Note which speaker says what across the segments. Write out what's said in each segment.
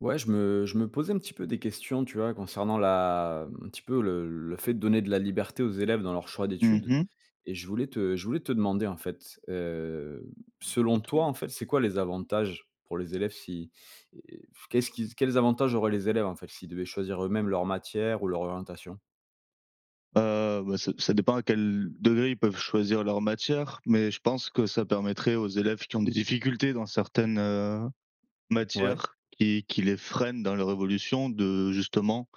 Speaker 1: Ouais, je me je me posais un petit peu des questions, tu vois? Concernant la m un petit peu le le fait de donner de la liberté aux élèves dans leurs choix
Speaker 2: Mmh
Speaker 1: d'études
Speaker 2: mh.
Speaker 1: et je voulais te je voulais te demander en fait, hem, selon
Speaker 2: Peut-être,
Speaker 1: toi,
Speaker 2: oui.
Speaker 1: en fait, c'est quoi les avantages pour les élèves, si et f qu'est-ce qu'ils quels avantages auraient les élèves en fait, s'ils devaient choisir eux-mêmes leurs matières ou leur orientation?
Speaker 2: Heu ben, ça ça dépend à quel degré ils peuvent choisir leurs matières. Mais je pense que ça permettrait aux élèves qui ont des difficultés dans certaines, heu,
Speaker 1: Ouais.
Speaker 2: matières, qui qui les freinent dans leur évolution de, justement,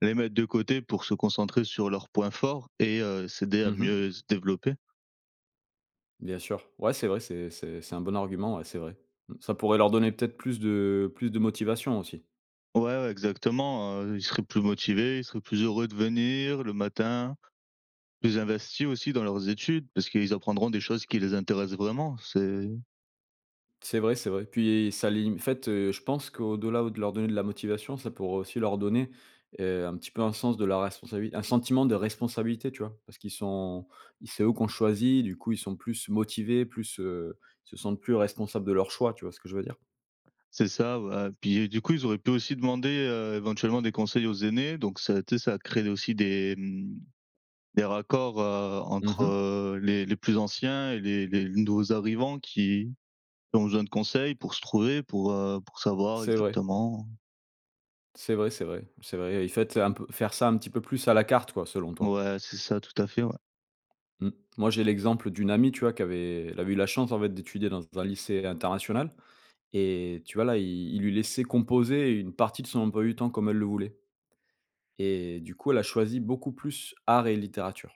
Speaker 2: les mettre de côté pour se concentrer sur leurs points forts et heu, s'aider
Speaker 1: Mmh
Speaker 2: à
Speaker 1: mh.
Speaker 2: mieux se développer.
Speaker 1: Bien sûr, ouais c'est vrai, c'est c'est c'est un bon argument, ouais, c'est vrai. Mmh. Ça pourrait leur donner peut-être plus de plus de motivation, aussi?
Speaker 2: Ouais, ouais, exactement, heu, ils seraient plus motivés, ils seraient plus heureux de venir le matin, plus investis aussi dans leurs études parce qu'ils apprendront des choses qui les intéressent vraiment, c'est
Speaker 1: C'est vrai, c'est vrai, puis ça lim en fait je pense, qu'au-delà de leur donner de la motivation, ça pourrait aussi leur donner, heu, un petit peu un sens de la responsabi un sentiment de responsabilité, tu vois? Parce qu'ils sont i c'est eux qu'on choisit du coup ils sont plus motivés plus, heu, ils se sentent plus responsables de leur choix, tu vois ce que je veux dire?
Speaker 2: C'est ça ouais. Puis du coup ils auraient pu aussi demander, heu, éventuellement des conseils aux aînés, donc ça a été ça a créé aussi des, mmh, des, raccords, heu,
Speaker 1: Mmh
Speaker 2: entre,
Speaker 1: mh.
Speaker 2: heu, les les plus anciens et les les nouveaux arrivants qui ont besoin de conseils pour se trouver, pour, heu, pour savoir
Speaker 1: C'est vrai.
Speaker 2: exactement
Speaker 1: C'est vrai, c'est vrai, c'est vrai et faites, heu et faire ça un petit peu plus à la carte quoi, selon toi?
Speaker 2: Ouais, c'est ça, tout à fait, ouais.
Speaker 1: Mmh, moi j'ai l'exemple d'une amie, tu vois, qui avait elle avait eu la chance en fait d'étudier dans un lycée international et tu vois là, ils ils lui laissaient composer une partie de son emploi du temps comme elle le voulait et du coup, elle a choisi beaucoup plus art et littérature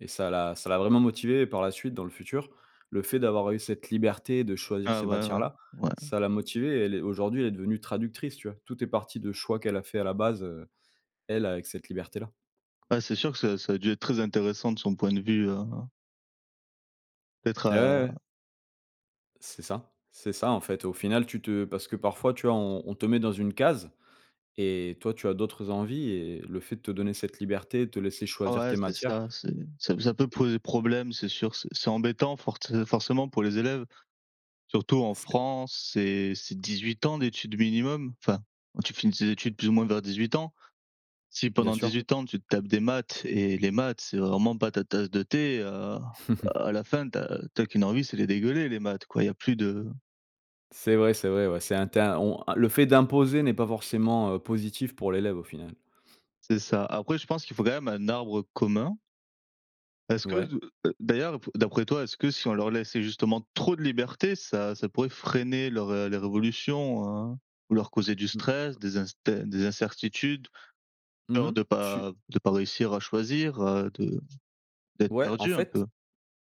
Speaker 1: et ça l'a ça l'a vraiment motivée et par la suite dans le futur, le fait d'avoir eu cette liberté de choisir
Speaker 2: Ah
Speaker 1: ces
Speaker 2: ouais, ouais.
Speaker 1: matières-là,
Speaker 2: Ouais.
Speaker 1: ça l'a motivée, elle est aujourd'hui elle est devenue traductrice, tu vois? Tout est parti de choix qu'elle a fait à la base, heu, elle avec cette liberté-là.
Speaker 2: Ouais, c'est sûr que ça ça a dû être très intéressant de son point de vue, heu d'être,
Speaker 1: Et ouais,
Speaker 2: heu
Speaker 1: ouais. C'est ça, c'est ça, en fait. Au final, tu te parce que parfois tu vois, on on te met dans une case et toi tu as d'autres envies et heu, le fait de te donner cette liberté, te laisser choisir
Speaker 2: Ouais
Speaker 1: tes
Speaker 2: c'est
Speaker 1: matières
Speaker 2: ça, c'est ça ça peut
Speaker 1: mmh.
Speaker 2: poser problème, c'est sûr. C'est c'est embêtant fortcé forcément pour les élèves. Surtout en
Speaker 1: C'est
Speaker 2: France, c'est c'est 18 ans d'études minimum, enfin, où tu finis tes études plus ou moins vers 18 ans. Si
Speaker 1: Bien
Speaker 2: pendant
Speaker 1: sûr.
Speaker 2: 18 ans, tu te tapes des maths et les maths c'est vraiment pas ta tasse de thé, heu, à la fin tu as tu as qu'une envie, c'est les dégueuler les maths quoi il y a plus de
Speaker 1: C'est vrai, c'est vrai, ouais, c'est un tin on le fait d'imposer n'est pas forcément, heu, positif pour l'élève, au final.
Speaker 2: C'est ça. Après, je pense qu'il faut quand même un arbre commun. Est-ce que
Speaker 1: Ouais.
Speaker 2: d heu, d'ailleurs, ap d'après toi, est-ce que si on leur laissait justement trop de liberté, ça ça pourrait freiner leur, heu, leur évolution, hein? Ou leur causer du
Speaker 1: Mmh mh,
Speaker 2: stress,
Speaker 1: mmh.
Speaker 2: des inster des incertitudes,
Speaker 1: Mmh
Speaker 2: peur
Speaker 1: mh,
Speaker 2: de
Speaker 1: je suis
Speaker 2: pas de pas réussir à choisir, heu, de d'être
Speaker 1: Ouais, en
Speaker 2: perdu un
Speaker 1: fait
Speaker 2: peu?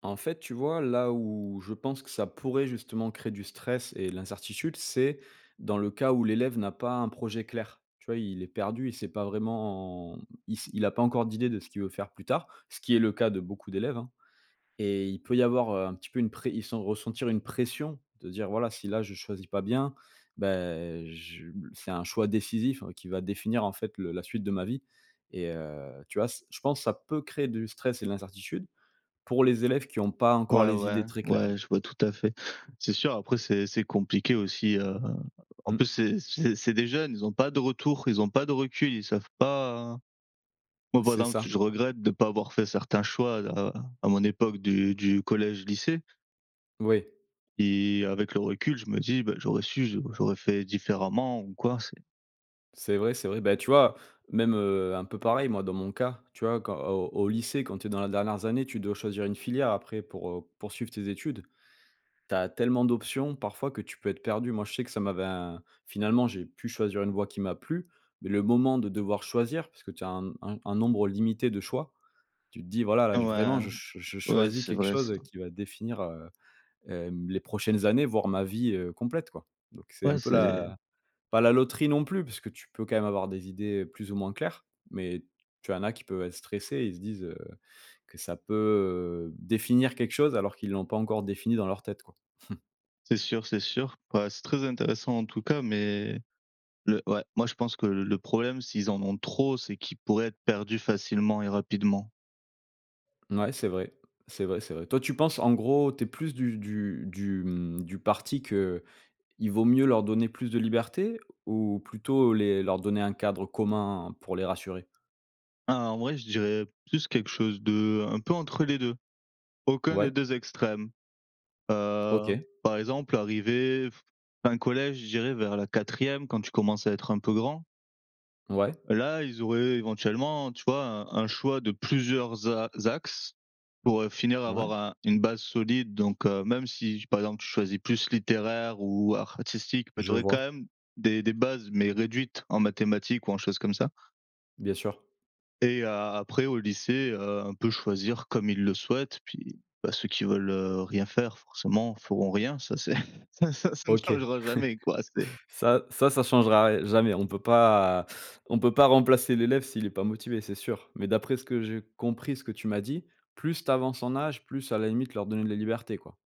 Speaker 1: en fait, tu vois? Là où je pense que ça pourrait justement créer du stress et l'incertitude c'est dans le cas où l'élève n'a pas un projet clair, tu vois? Il est perdu, il sait pas vraiment, il s il a pas encore d'idée de ce qu'il veut faire plus tard, ce qui est le cas de beaucoup d'élèves, hein et il peut y avoir, heu, un petit peu une pré il sent ressentir une pression, de dire: «Voilà, si là, je choisis pas bien, bah, je b c'est un choix décisif qui va définir, en fait, le la suite de ma vie» et heu, tu vois? Ç je pense ça peut créer du stress et de l'incertitude pour les élèves qui ont pas encore
Speaker 2: Ouais,
Speaker 1: les
Speaker 2: ouais.
Speaker 1: idées très claires.
Speaker 2: Ouais, je vois tout à fait. C'est sûr, après c'est c'est compliqué aussi, heu, en
Speaker 1: Mmh.
Speaker 2: plus, c'est c'est c'est des jeunes, ils ont pas de retour, ils ont pas de recul, ils savent pas, hein. Moi, par
Speaker 1: C'est
Speaker 2: exemple,
Speaker 1: ça.
Speaker 2: je regrette de pas avoir fait certains choix-là, à mon époque du du collège, lycée
Speaker 1: Oui.
Speaker 2: et avec le recul, je me dis: «Bah j'aurais su, j'au j'aurais fait différemment ou quoi», c'est
Speaker 1: C'est vrai, c'est vrai, bah tu vois, même, heu, un peu pareil, moi, dans mon cas, tu vois, quand au au lycée, quand tu es dans la dernières années, tu dois choisir une filière après pour, heu, poursuivre tes études. Tu as tellement d'options parfois que tu peux être perdu. Moi je sais que ça m'avait un finalement j'ai pu choisir une voie qui m'a plu mais le moment de devoir choisir parce que tu as un n un un nombre limité de choix. Tu te dis: «Voilà là, j vraiment
Speaker 2: Ouais.
Speaker 1: je ch je je
Speaker 2: Ouais,
Speaker 1: choisis
Speaker 2: c'est
Speaker 1: quelque
Speaker 2: vrai ça.
Speaker 1: chose qui va définir, heu, hem, les prochaines années voire ma vie, heu, complète, quoi». Donc c'est un
Speaker 2: Ouais
Speaker 1: peu
Speaker 2: c'est
Speaker 1: la pas la loterie non plus puisque tu peux quand même avoir des idées plus ou moins claires, mais tu en as qui peuvent être stressés. Ils se disent, heu, que ça peut, heu, définir quelque chose alors qu'ils l'ont pas encore défini dans leur tête, quoi.
Speaker 2: C'est sûr, c'est sûr. Ouais c'est très intéressant en tout cas, mais le ouais, moi je pense que le le problème s'ils en ont trop, c'est qu'ils pourraient être perdus facilement et rapidement.
Speaker 1: Mouais c'est vrai. C'est vrai, c'est vrai. Toi tu penses, en gros, tu es plus du du du mmh, du parti qu'il vaut mieux leur donner plus de liberté ou plutôt les leur donner un cadre commun pour les rassurer?
Speaker 2: En vrai, je dirais plus quelque chose de un peu entre les 2. Aucun des
Speaker 1: Ouais.
Speaker 2: 2 extrêmes, heu,
Speaker 1: OK.
Speaker 2: par exemple, arrivé f fin collège, je dirais vers la 4e, quand tu commences à être un peu grand.
Speaker 1: Ouais.
Speaker 2: Là, ils auraient éventuellement, tu vois, un un choix de plusieurs a axes. Pour, heu, finir à
Speaker 1: Ouais.
Speaker 2: avoir un une base solide donc heu, même si, par exemple, tu choisis plus littéraire ou artistique. Mais tu
Speaker 1: Je
Speaker 2: aurais quand
Speaker 1: vois.
Speaker 2: même des des bases, mais réduites en mathématiques ou en choses comme ça
Speaker 1: Bien sûr.
Speaker 2: et a a après au lycée, heu, un peu choisir comme ils le souhaitent. Puis bah, ceux qui veulent rien faire forcément feront rien, ça c'est ça ça ne
Speaker 1: OK,
Speaker 2: changera jamais quoi, c'est
Speaker 1: ça ça, ça changera ri jamais. On peut pas on peut pas remplacer l'élève s'il est pas motivé, c'est sûr. Mais d'après ce que j'ai compris, ce que tu m'as dit, plus tu avances en âge, plus à la limite leur donner de la liberté, quoi?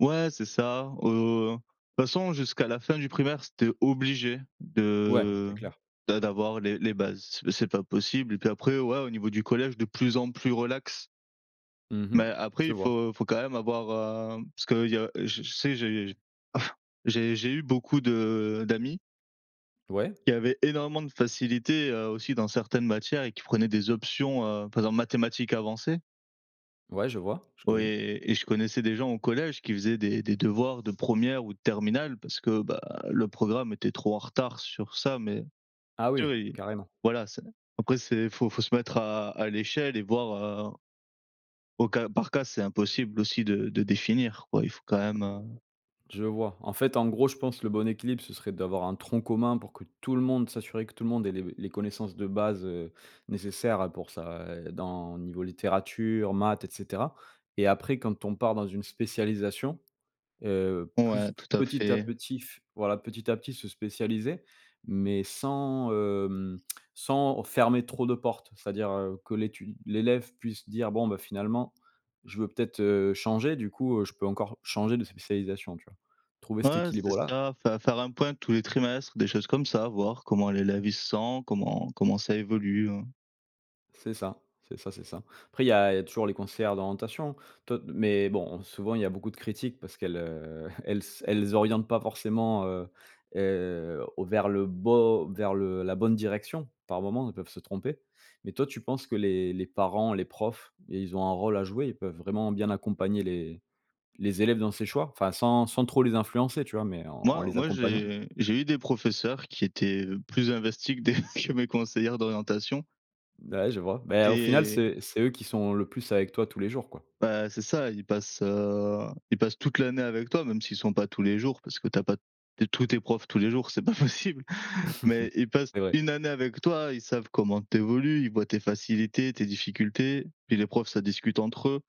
Speaker 2: Ouais, c'est ça, heu, toute façon jusqu'à la fin du primaire, c'était obligé
Speaker 1: Ouais, c'est
Speaker 2: de
Speaker 1: clair.
Speaker 2: d'a d'avoir les les bases. Mais c'est pas possible et puis après, ouais au niveau du collège de plus en plus relax.
Speaker 1: Mmh mh.
Speaker 2: Mais après
Speaker 1: Je
Speaker 2: il
Speaker 1: vois.
Speaker 2: faut faut quand même avoir, hem, parce que il y a je je sais j'ai j'ai j'ai eu beaucoup de d'amis
Speaker 1: Ouais.
Speaker 2: qui avaient énormément de facilité, heu, aussi dans certaines matières et qui prenaient des options, heu, en faisant mathématiques avancées.
Speaker 1: Ouais, je vois, je
Speaker 2: Ouais
Speaker 1: connais.
Speaker 2: et et je connaissais des gens au collège qui faisaient des des devoirs de 1re ou de terminale parce que bah, le programme était trop en retard sur ça. Mais
Speaker 1: Ah oui,
Speaker 2: oui,
Speaker 1: carrément.
Speaker 2: voilà, c'est après, c'est faut faut se mettre à à l'échelle et voir, heu au cas par cas, c'est impossible aussi de de définir, quoi. Il faut quand même, heu
Speaker 1: Je vois, en fait, en gros, je pense le bon équilibre ce serait d'avoir un tronc commun pour que tout le monde, s'assurer que tout le monde ait les les connaissances de base, heu, nécessaires à pour ça et dans niveau littérature, maths et cetera et après quand on part dans une spécialisation, heu, plus,
Speaker 2: Ouais, tout à
Speaker 1: petit à
Speaker 2: fait.
Speaker 1: petit f voilà, petit à petit, se spécialiser, mais sans, hem, sans fermer trop de portes, c'est à dire, heu, que l'étu l'élève puisse dire: «Bon, bah, finalement, je veux peut-être, heu, changer du coup, heu, je peux encore changer de spécialisation», tu vois? Trouver cet
Speaker 2: Ouais, c'est
Speaker 1: équilibre-là.
Speaker 2: ça, faire faire un point tous les trimestres, des choses comme ça, voir comment l'élève, il se sent, comment comment ça évolue, heu
Speaker 1: C'est ça, c'est ça, c'est ça. Après il y a il y a toujours les conseillères d'orientation, [unintelligible] mais bon, souvent il y a beaucoup de critiques parce qu'elles, heu, elles elles orientent pas forcément, heu heu, au vers le beau vers le la bonne direction par moment, elles peuvent se tromper. Mais toi, tu penses que les les parents, les profs, ils ont un rôle à jouer, ils peuvent vraiment bien accompagner les les élèves dans ces choix? Enfin, sans sans trop les influencer, tu vois? Mais en en
Speaker 2: Moi,
Speaker 1: les
Speaker 2: moi,
Speaker 1: accompagnant?
Speaker 2: j'ai j'ai eu des professeurs qui étaient, heu, plus investis que des que mes conseillères d'orientation
Speaker 1: Beh, ouais je vois. Beh, au final,
Speaker 2: et
Speaker 1: c'est c'est eux qui sont le plus avec toi tous les jours, quoi.
Speaker 2: Bah, c'est ça, ils passent, heu, ils passent toute l'année avec toi, même s'ils sont pas tous les jours parce que tu as pas te tous tes profs tous les jours, c'est pas possible. Mais ils passent
Speaker 1: C'est vrai!
Speaker 2: 1 année avec toi, ils savent comment tu évolues, ils voient tes facilités, tes difficultés. Puis les profs, ça discute entre eux.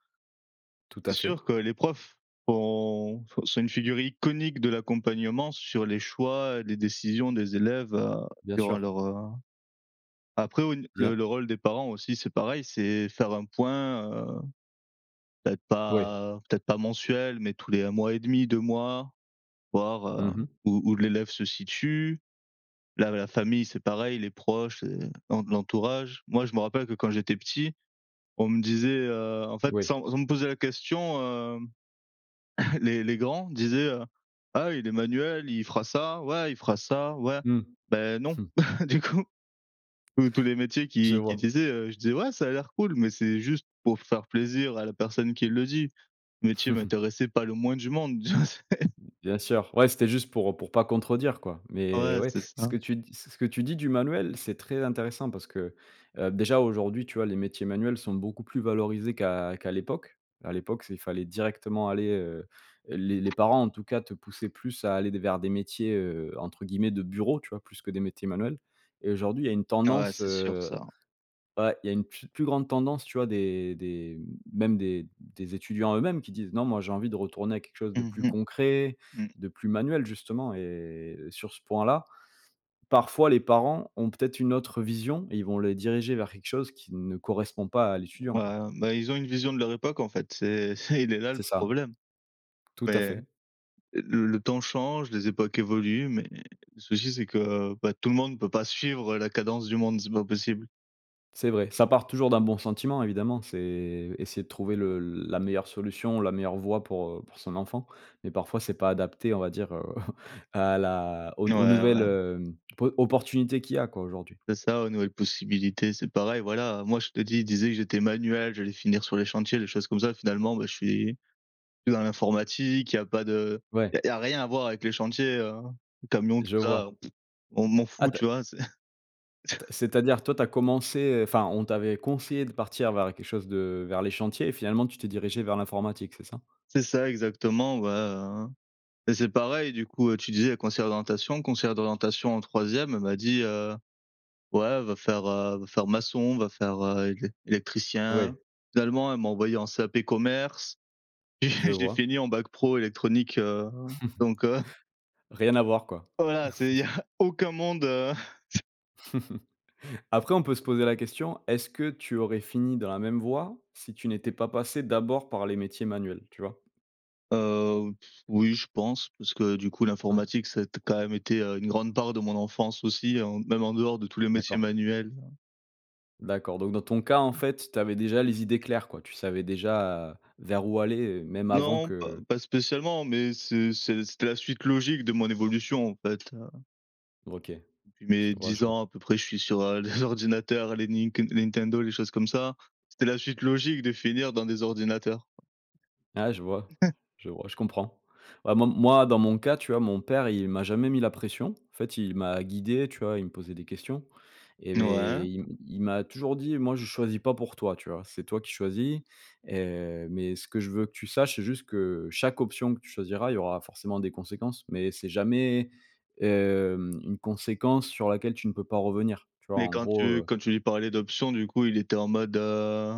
Speaker 1: Tout à
Speaker 2: C'est
Speaker 1: fait.
Speaker 2: sûr que les profs font sont une figure iconique de l'accompagnement sur les choix, les décisions des élèves, heu,
Speaker 1: Bien
Speaker 2: durant
Speaker 1: sûr.
Speaker 2: leur heu, après au n
Speaker 1: Bien.
Speaker 2: le le rôle des parents aussi, c'est pareil, c'est faire un point, heu, peut-être
Speaker 1: Oui.
Speaker 2: pas peut-être pas mensuel, mais tous les 1 mois et 1/2, 2 mois, voir,
Speaker 1: Mmh
Speaker 2: heu,
Speaker 1: mh.
Speaker 2: où où l'élève se situe. Là, la famille c'est pareil, les proches, les l'en l'entourage. Moi, je me rappelle que quand j'étais petit, on me disait, heu, en fait,
Speaker 1: Oui.
Speaker 2: sans sans me poser la question, hem, les les grands disaient, heu: «Ah! Il est manuel, il fera ça, ouais, il fera ça, ouais»,
Speaker 1: Mmh.
Speaker 2: beh, non, du coup, tous tous les métiers
Speaker 1: Je
Speaker 2: qui qu'ils
Speaker 1: vois.
Speaker 2: disaient, heu, je disais: «Ouais, ça a l'air cool», mais c'est juste pour faire plaisir à la personne qui le dit. Le métier m'intéressait pas le moins du monde, tu vois? C'est
Speaker 1: Bien sûr. Ouais, c'était juste pour pour pas contredire, quoi,
Speaker 2: Ah
Speaker 1: mais
Speaker 2: ouais,
Speaker 1: ouais.
Speaker 2: c'est
Speaker 1: Ce
Speaker 2: ça.
Speaker 1: que tu dis ce que tu dis du manuel, c'est très intéressant parce que, heu, déjà, aujourd'hui, tu vois, les métiers manuels sont beaucoup plus valorisés qu'à qu'à l'époque. À l'époque, c'est il fallait directement aller heu, les les parents, en tout cas, te poussaient plus à aller vers des métiers, heu, entre guillemets «de bureau», tu vois, plus que des métiers manuels et aujourd'hui, il y a une
Speaker 2: Ah ouais,
Speaker 1: tendance,
Speaker 2: c'est sûr
Speaker 1: heu
Speaker 2: ça.
Speaker 1: ouais, il y a une pfe plus grande tendance, tu vois? Des des même des des étudiants eux-mêmes qui disent: «Non, moi, j'ai envie de retourner à quelque chose de
Speaker 2: Mmh
Speaker 1: plus
Speaker 2: mh.
Speaker 1: concret,
Speaker 2: Mmh.
Speaker 1: de plus manuel», justement et sur ce point-là, parfois les parents ont peut-être une autre vision et ils vont les diriger vers quelque chose qui ne correspond pas à l'étudiant, quoi.
Speaker 2: Ouais. Bah, ils ont une vision de leur époque, en fait, c'est c'est il est là, le
Speaker 1: C'est ça.
Speaker 2: problème.
Speaker 1: Tout à
Speaker 2: Mais
Speaker 1: fait.
Speaker 2: l le temps change, les époques évoluent mais le souci c'est que, bah, tout le monde peut pas suivre la cadence du monde, c'est pas possible.
Speaker 1: C'est vrai, ça part toujours d'un bon sentiment évidemment, c'est essayer de trouver le la meilleure solution, la meilleure voie pour, heu, pour son enfant, mais parfois, c'est pas adapté, on va dire, heu, à la aux aux
Speaker 2: Ouais,
Speaker 1: nouvelles,
Speaker 2: ouais.
Speaker 1: hem, po opportunités qu'il y a quoi, aujourd'hui.
Speaker 2: C'est ça, aux nouvelles possibilités, c'est pareil, voilà. Moi, je te dis, il disait que j'étais manuel, j'allais finir sur les chantiers, des choses comme ça. Finalement, beh, je suis que dans l'informatique, il y a pas de
Speaker 1: Ouais.
Speaker 2: il y a rien à voir avec les chantiers, heu, camions tout
Speaker 1: Je
Speaker 2: ça,
Speaker 1: vois.
Speaker 2: on m'en
Speaker 1: Ah,
Speaker 2: fous,
Speaker 1: ta
Speaker 2: tu vois? C'est
Speaker 1: Ta c'est-à-dire toi, tu as commencé enfin on t'avait conseillé de partir vers quelque chose de vers les chantiers, et finalement tu t'es dirigé vers l’informatique, c’est ça?
Speaker 2: C'est ça, exactement, bah, hein, et c'est pareil du coup, tu disais conseillère d'orientation conseillère d'orientation en 3e elle m'a dit: «Heu, ouais, va faire, heu, va faire maçon, va faire, heu, élec
Speaker 1: Ah oui.
Speaker 2: électricien.» Finalement, elle m'a envoyé en CAP commerce et
Speaker 1: Je
Speaker 2: je l'ai
Speaker 1: vois.
Speaker 2: fini en bac pro électronique, heu, donc heu
Speaker 1: Rien à voir, quoi.
Speaker 2: Ouais, voilà, c'est il y a aucun monde, heu
Speaker 1: Après, on peut se poser la question, est-ce que tu aurais fini dans la même voie si tu n'étais pas passé d'abord par les métiers manuels, tu vois?
Speaker 2: Heu, oui, je pense, parce que, du coup,
Speaker 1: Ouais.
Speaker 2: l'informatique, ça a quand même été, heu, une grande part de mon enfance aussi. En même en dehors de tous les métiers
Speaker 1: D'accord.
Speaker 2: manuels.
Speaker 1: D'accord, donc dans ton cas, en fait, tu avais déjà les idées claires, quoi? Tu savais déjà vers où aller, même avant
Speaker 2: Non, pas
Speaker 1: que
Speaker 2: pas spécialement, mais c'est c'est c'était la suite logique de mon évolution, en fait, heu
Speaker 1: OK,
Speaker 2: Depuis
Speaker 1: je
Speaker 2: mes
Speaker 1: vois, je
Speaker 2: 10
Speaker 1: vois.
Speaker 2: ans à peu près, je suis sur, heu, les ordinateurs, les Ninken les Nintendo, les choses comme ça. C'était la suite logique de finir dans des ordinateurs.
Speaker 1: Ah, je vois, je vois, je comprends vraiment, moi, dans mon cas, tu vois? Mon père, il m'a jamais mis la pression. En fait, il m'a guidé, tu vois? Il me posait des questions, et
Speaker 2: Ouais.
Speaker 1: mais i il m'a toujours dit: «Moi, je choisis pas pour toi», tu vois? «C'est toi qui choisis et mais ce que je veux que tu saches, c'est juste que chaque option que tu choisiras, il y aura forcément des conséquences, mais c'est jamais, hem, une conséquence sur laquelle tu ne peux pas revenir», tu vois?
Speaker 2: Mais
Speaker 1: En
Speaker 2: quand
Speaker 1: gros,
Speaker 2: tu
Speaker 1: heu
Speaker 2: quand tu lui parlais d'options du coup, il était en mode, heu,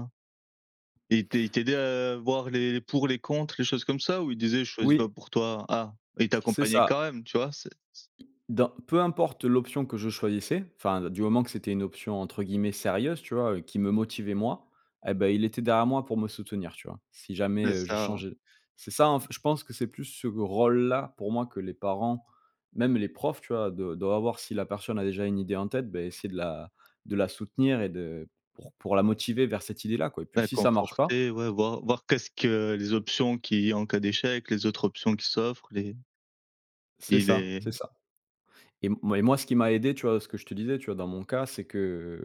Speaker 2: il il t'aidait à voir les pour les contre quelque chose comme ça? Ou il disait: «Je choisis pas
Speaker 1: Oui.
Speaker 2: pour toi?» Ah, il
Speaker 1: C' c'est
Speaker 2: t'accompagnait
Speaker 1: ça.
Speaker 2: quand même, tu vois? C'est s
Speaker 1: Dans peu importe l'option que je choisissais, enfin du moment que c'était une option entre guillemets «sérieuse», tu vois? Qui me motivait, moi, eh beh, il était derrière moi pour me soutenir, tu vois? Si jamais,
Speaker 2: C'est
Speaker 1: heu, je
Speaker 2: ça.
Speaker 1: changeais. C'est ça, en fait, je pense que c'est plus ce rôle-là pour moi que les parents, même les profs tu vois? Doi doivent voir si la personne a déjà une idée en tête, beh essayer de la de la soutenir et de pour pour la motiver vers cette idée-là, quoi, et puis
Speaker 2: La
Speaker 1: si ça marche pas
Speaker 2: conforter, ouais, voir voir qu'est-ce que les options qui, en cas d'échec, les autres options qui s'offrent les
Speaker 1: C'est
Speaker 2: et
Speaker 1: ça,
Speaker 2: les
Speaker 1: c'est ça, et moi moi ce qui m'a aidé, tu vois? Ce que je te disais, tu vois? Dans mon cas, c'est que,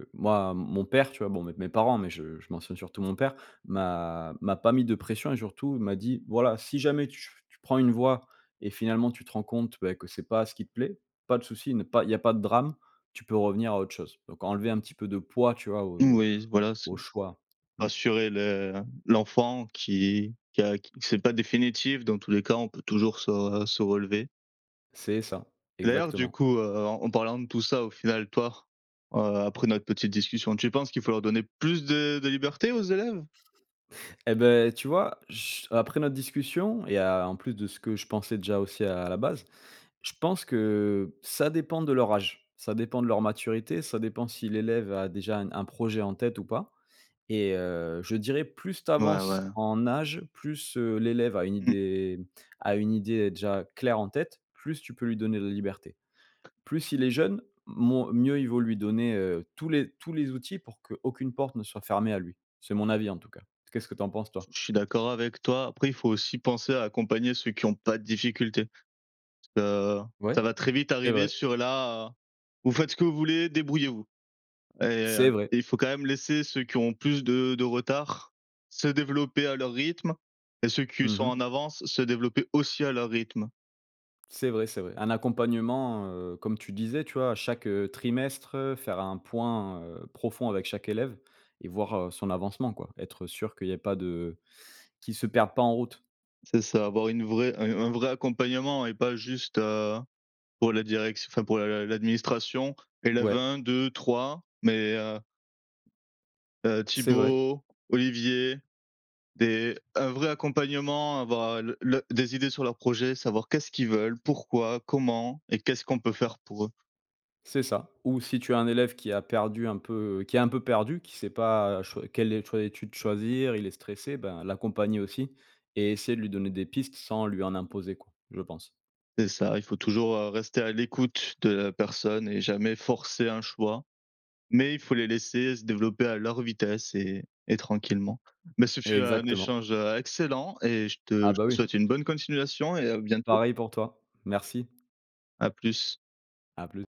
Speaker 1: heu, moi, mon père, tu vois? Bon, mes mes parents, mais je je mentionne surtout mon père, m'a m'a pas mis de pression et surtout m'a dit: «Voilà, si jamais tu ch prends une voie et finalement, tu te rends compte, beh, que c'est pas ce qui te plaît, pas de souci, ne pas il y a pas de drame. Tu peux revenir à autre chose, donc enlever un petit peu de poids», tu vois? Au
Speaker 2: Mmh,
Speaker 1: au
Speaker 2: oui, voilà, c'est
Speaker 1: au choix. Mmh.
Speaker 2: rassurer le l'enfant, qui qui a q c'est pas définitif, dans tous les cas, on peut toujours se se relever.
Speaker 1: C'est ça,
Speaker 2: Et d'ailleurs du
Speaker 1: exactement.
Speaker 2: coup, heu, en parlant de tout ça au final, toi, heu, après notre petite discussion, tu penses qu'il faut leur donner plus de de liberté aux élèves?
Speaker 1: Eh beh, tu vois? Ch après notre discussion et à en plus de ce que je pensais déjà aussi à la base. Je pense que ça dépend de leur âge, ça dépend de leur maturité, ça dépend si l'élève a déjà un un projet en tête ou pas, et heu, je dirais plus tu
Speaker 2: Ouais,
Speaker 1: avances
Speaker 2: ouais.
Speaker 1: en âge, plus, heu, l'élève a une
Speaker 2: Mmh.
Speaker 1: idée a une idée déjà claire en tête, plus tu peux lui donner de liberté. Plus il est jeune moins mieux il vaut lui donner, heu, tous les tous les outils pour qu'aucune porte ne soit fermée à lui. C'est mon avis, en tout cas. Qu'est-ce que tu en penses, toi?
Speaker 2: Je suis d'accord avec toi, après il faut aussi penser à accompagner ceux qui ont pas de difficultés. Parce que ça
Speaker 1: Ouais,
Speaker 2: va très vite
Speaker 1: c'est
Speaker 2: arriver
Speaker 1: vrai.
Speaker 2: sur la «Vous faites ce que vous voulez, débrouillez-vous», et heu,
Speaker 1: C'est vrai.
Speaker 2: il faut quand même laisser ceux qui ont plus de de retard se développer à leur rythme et ceux qui
Speaker 1: Mmh
Speaker 2: sont
Speaker 1: mh.
Speaker 2: en avance se développer aussi à leur rythme.
Speaker 1: C'est vrai, c'est vrai. Un accompagnement, heu, comme tu disais, tu vois, chaque, heu, trimestre, heu, faire un point, heu, profond avec chaque élève et voir, heu, son avancement quoi. Être sûr qu'il y ait pas de, heu, qu'il se perde pas en route.
Speaker 2: C'est ça. Avoir une vraie un un vrai accompagnement et pas juste, heu, pour la direction, enfin pour l'a l'administration, élève
Speaker 1: Ouais.
Speaker 2: 1-2-3 mais, heu heu,
Speaker 1: C'est vrai.
Speaker 2: Thibault, Olivier, des un vrai accompagnement, avoir le le des idées sur leur projet, savoir qu'est-ce qu'ils veulent? Pourquoi? Comment? Et qu'est-ce qu'on peut faire pour eux?
Speaker 1: C'est ça. Ou si tu as un élève qui a perdu un peu, heu, qui est un peu perdu, qui sait pas, heu, choix quel est le choix d'étude choisir, il est stressé, bah l'accompagner aussi et essayer de lui donner des pistes sans lui en imposer, quoi. Je pense.
Speaker 2: C'est ça. Il faut toujours, heu, rester à l'écoute de la personne et jamais forcer un choix, mais il faut les laisser se développer à leur vitesse et et tranquillement. Mais ce fut un
Speaker 1: Exactement.
Speaker 2: échange, heu, excellent et je te
Speaker 1: Ah
Speaker 2: je
Speaker 1: bah,
Speaker 2: te
Speaker 1: oui.
Speaker 2: souhaite une bonne continuation et à bientôt!
Speaker 1: Pareil pour toi. Merci!
Speaker 2: À plus!
Speaker 1: À plus!